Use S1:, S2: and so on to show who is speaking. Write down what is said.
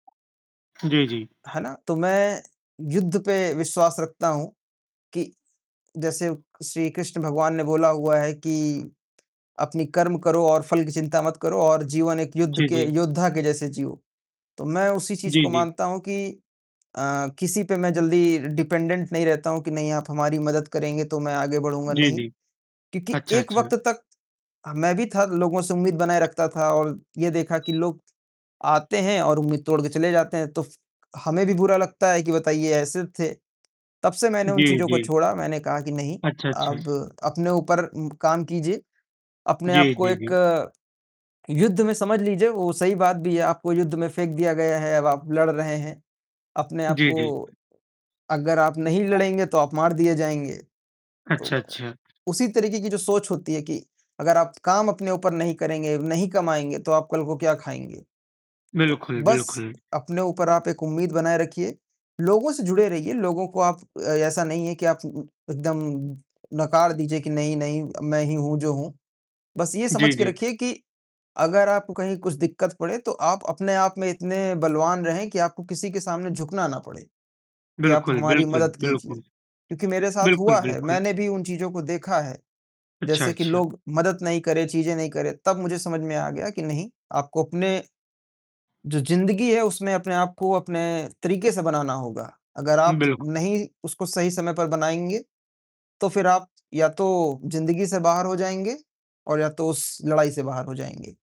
S1: जी, जी।
S2: है ना, तो मैं युद्ध पे विश्वास रखता हूँ कि, जैसे श्रीकृष्ण भगवान ने बोला हुआ है कि अपनी कर्म करो और फल की चिंता मत करो और जीवन एक युद्ध
S1: जी,
S2: के
S1: जी।
S2: योद्धा के जैसे जियो। तो मैं उसी चीज़
S1: जी,
S2: को
S1: जी।
S2: मानता हूँ कि अ, किसी पे मैं जल्दी डिपेंडेंट नहीं रहता हूँ कि नहीं आप हमारी मदद करेंगे, तो मैं आगे बढ़ूँगा,
S1: जी,
S2: नहीं।
S1: जी।
S2: क्योंकि
S1: अच्छा,
S2: एक
S1: अच्छा।
S2: वक़्त तक ह मैं भी था, लोगों से उम्मीद बनाए रखता था और ये देखा कि लोग आते हैं और उम्मीद तोड़के चले जाते हैं तो फ हमें भी बुरा लगता है कि बताइए ऐसे थे। तब से मैंने उन
S1: जी,
S2: चीज़ों को
S1: जी।
S2: छोड़ा, मैंने कहा कि नहीं,
S1: अच्छा, अच्छा।
S2: अब अपने ऊपर उ काम कीजिए। अपने आप
S1: जी,
S2: को
S1: जी, जी।
S2: एक, युद्ध में समझ लीजिए, वो सही बात भी है आपको युद्ध में फेंक दिया गया है, अब आप लड़ रहे हैं अपने आप
S1: जी, जी।
S2: को अगर आप नहीं लड़ेंगे तो आप मार दिए जाएँगे। तो
S1: अच्छा,
S2: उ
S1: अच्छा।
S2: उसी तरीके की जो सोच होती है कि अगर आप काम अपने ऊपर नहीं करेंगे, नहीं कमाएँगे तो आप कल को क्या खाएँगे? तो
S1: बिल्कुल,
S2: बस
S1: बिल्कुल।
S2: अपने ऊपर आप एक उम्मीद बनाए रखिए। लोगों से जुड़े रहिए, लोगों को आप अ, ऐसा नहीं है कि आप उ उ एकदम नकार दीजिए कि नहीं, नहीं मैं ही हूँ जो हूँ। बस ये
S1: जी,
S2: समझ के
S1: जी।
S2: रखिए कि, अगर आपको कहीं कुछ दिक्कत पड़े, तो आप अपने आप में इतने बलवान रहें कि आपको किसी के सामने झुकना ना पड़े कि आप
S1: बिल्कुल,
S2: हमारी
S1: बिल्कुल,
S2: मदद कीजिए
S1: बिल्कुल।
S2: क्योंकि मेरे साथ
S1: बिल्कुल,
S2: हुआ है।
S1: बिल्कुल।
S2: मैंने भी उन चीज़ों को देखा है,
S1: अच्छा,
S2: जैसे कि
S1: अच्छा।
S2: लोग मदद नहीं करें, चीज़ें नहीं करें, तब मुझे समझ में आ गया कि नहीं आपको अपने जो ज़िंदगी है उसमें अपने आप को अपने तरीके से बनाना होगा। अगर
S1: उ,
S2: आप
S1: बिल्कुल।
S2: नहीं उसको सही समय पर बनाएँगे तो फिर आप या तो ज़िंदगी से बाहर हो जाएँगे और या तो उस लड़ाई से बाहर हो जाएँगे।